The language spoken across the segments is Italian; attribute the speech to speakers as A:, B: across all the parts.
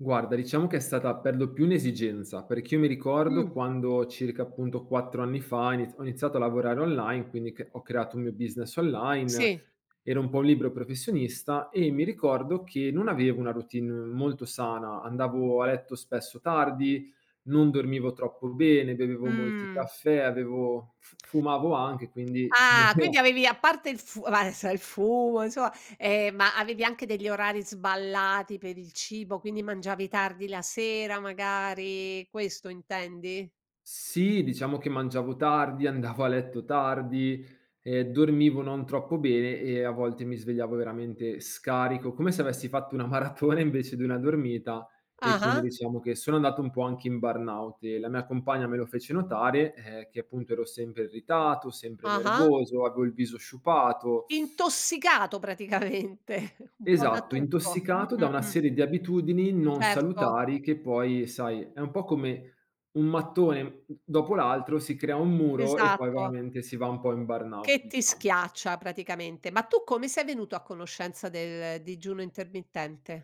A: Guarda, diciamo che è stata per lo più un'esigenza, perché io mi ricordo
B: Mh.
A: quando circa appunto 4 anni fa ha inizia ho iniziato a lavorare online, quindi c ho creato un mio business online,
B: Sì.
A: ero un po' un libero professionista e mi ricordo che non avevo una routine molto sana, andavo a letto spesso tardi, non dormivo troppo bene, bevevo molti
B: Mh.
A: caffè, avevo fu fumavo anche, quindi non
B: Ah quindi
A: eh.
B: avevi a parte il fu v adesso il fumo, insomma eh, ma avevi anche degli orari sballati per il cibo, quindi mangiavi tardi la sera magari, questo intendi?
A: Sì, diciamo che mangiavo tardi, andavo a letto tardi, ehm, dormivo non troppo bene e a volte mi svegliavo veramente scarico, come se avessi fatto una maratona invece di una dormita e quindi
B: Ah-ah.
A: diciamo che sono andato un po' anche in burnout e la mia compagna me lo fece notare ehm, che appunto ero sempre irritato, sempre
B: Ah-ah.
A: nervoso, avevo il viso sciupato.
B: Intossicato praticamente, un po' da
A: Esatto,
B: tutto. Mh,
A: intossicato
B: mh,
A: da una
B: mh.
A: serie di abitudini non
B: Certo.
A: salutari che poi sai è un po' come un mattone m d dopo l'altro si crea un muro e poi
B: Esatto.
A: veramente si va un po' in burnout
B: Che ti
A: diciamo.
B: schiaccia praticamente. Ma tu come sei venuto a conoscenza del digiuno intermittente?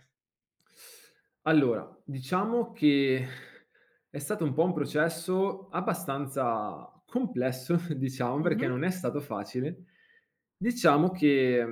A: Allora, diciamo che è stato un po' un processo abbastanza complesso, diciamo, perché
B: Mh-mh.
A: non è stato facile. Diciamo che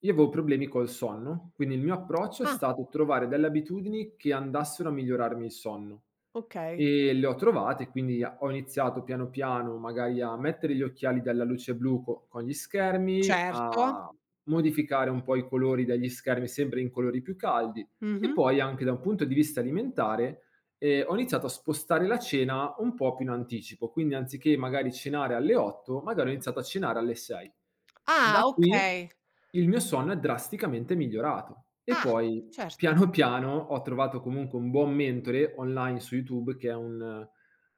A: io avevo problemi col sonno, quindi il mio approccio è
B: Ah.
A: stato trovare delle abitudini che andassero a migliorarmi il sonno
B: Okay.
A: e le ho trovate, quindi a ho iniziato piano piano magari a mettere gli occhiali dalla luce blu co con gli schermi,
B: Certo.
A: a modificare un po' i colori degli schermi sempre in colori più caldi e
B: Mh-mh.
A: poi anche da un punto di vista alimentare ehm, ho iniziato a spostare la cena un po' più in anticipo, quindi anziché magari cenare alle 8:00, magari ho iniziato a cenare alle 6:00. Da
B: Ah
A: qui
B: okay.
A: il mio sonno è drasticamente migliorato. E
B: Ah,
A: poi
B: certo.
A: piano piano ho trovato comunque un buon mentore online su YouTube che è un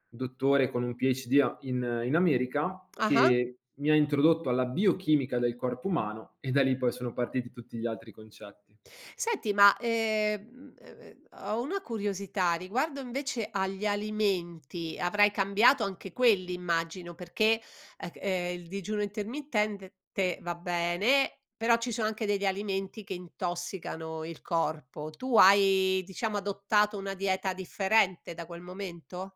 A: dottore con un PhD a in in America
B: Ah-ah.
A: che mi ha introdotto alla biochimica del corpo umano e da lì poi sono partiti tutti gli altri concetti.
B: Senti, ma ehm m ehm m ho una curiosità riguardo invece agli alimenti, avrai cambiato anche quelli immagino, perché ec eh il digiuno intermittente te va bene, però ci sono anche degli alimenti che intossicano il corpo. Tu hai diciamo adottato una dieta differente da quel momento?